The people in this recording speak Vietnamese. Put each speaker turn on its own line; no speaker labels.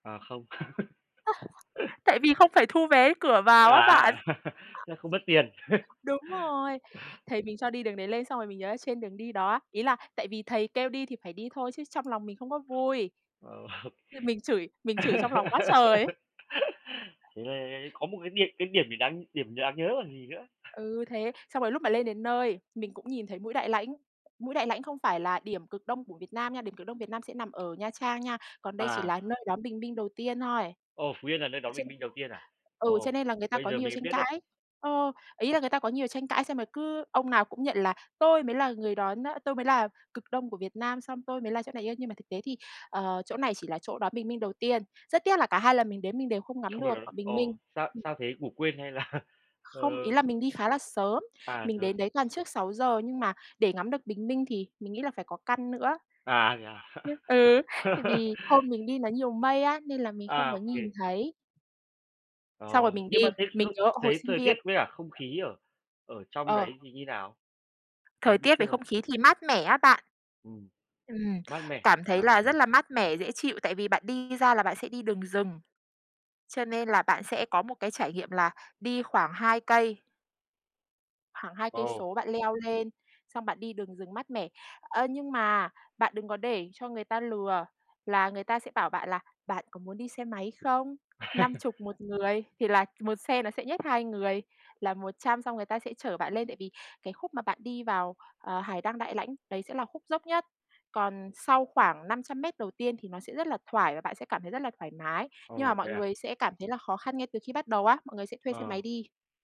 À, không.
Tại vì không phải thu vé cửa vào á bạn.
À, Thế là không mất tiền.
Đúng rồi. Thầy mình cho đi đường đấy lên xong rồi mình nhớ là trên đường đi đó á ý là tại vì thầy kêu đi thì phải đi thôi chứ trong lòng mình không có vui.
Ờ,
Nhưng mình chửi mình chửi trong lòng quá trời ấy.
Thế có một cái điểm cái điểm gì đáng điểm đáng nhớ còn gì nữa.
Ừ, thế, xong rồi lúc mà lên đến nơi, mình cũng nhìn thấy Mũi Đại Lãnh. Mũi Đại Lãnh không phải là điểm cực Đông của Việt Nam nha, điểm cực Đông Việt Nam sẽ nằm ở Nha Trang nha. Còn đây chỉ
À.
là nơi đón bình minh đầu tiên thôi.
Ồ, Phú Yên là nơi đón
Chứ
bình minh đầu tiên à?
ừ, cho
Ồ,
nên là người ta
Bây
có
giờ
nhiều
mình
tranh
biết đấy.
cãi. Ờ, ý là người ta có nhiều tranh cãi xem rồi cứ ông nào cũng nhận là "Tôi mới là người đón á tôi mới là cực Đông của Việt Nam xong tôi mới là chỗ này" ê, nhưng mà thực tế thì, ờ, chỗ này chỉ là chỗ đón bình minh đầu tiên. Rất tiếc là cả 2 lần mình đến mình đều không ngắm
Không được
được
à?
bình minh.
Ồ, sao
Ừm.
sao thế? Ngủ quên hay là ờ
Không, ý là mình đi khá là sớm,
À,
mình
sớm.
đến đấy toàn trước 6:00 nhưng mà để ngắm được bình minh thì mình nghĩ là phải có căn nữa.
À, thế à?
Ừ, tại vì hôm mình đi nó nhiều mây á, nên là mình không
À,
có
ô
nhìn
kê.
thấy.
Ờ,
Xong rồi mình đi
nhưng mà thế
mình
không
nhớ hồi
thế
sinh
thời tiết
viên
với cả không khí ở ở trong
Ờ.
đấy thì như nào?
Thời
Mình cũng
tiết
chưa
với không khí thì mát mẻ á bạn.
Ừm,
Ừm,
mát mẻ.
cảm thấy
Ờ,
là
nhỉ.
rất là mát mẻ, dễ chịu, tại vì bạn đi ra là bạn sẽ đi đường rừng. Cho nên là bạn sẽ có một cái trải nghiệm là đi khoảng 2 cây khoảng 2
Ồ.
số bạn leo lên, xong bạn đi đường rừng mát mẻ. Ơ, nhưng mà bạn đừng có để cho người ta lừa là người ta sẽ bảo bạn là bạn có muốn đi xe máy không? năm chục 1 người thì là một xe nó sẽ nhét 2 người là 100 xong người ta sẽ chở bạn lên, tại vì cái khúc mà bạn đi vào, ờ, Hải Đăng Đại Lãnh đấy sẽ là khúc dốc nhất. Còn sau khoảng 500 mét đầu tiên thì nó sẽ rất là thoải và bạn sẽ cảm thấy rất là thoải mái. Nhưng mà
Ồ,
mọi
thế à?
người sẽ cảm thấy là khó khăn ngay từ khi bắt đầu á, mọi người sẽ thuê xe máy
Ờ.
đi.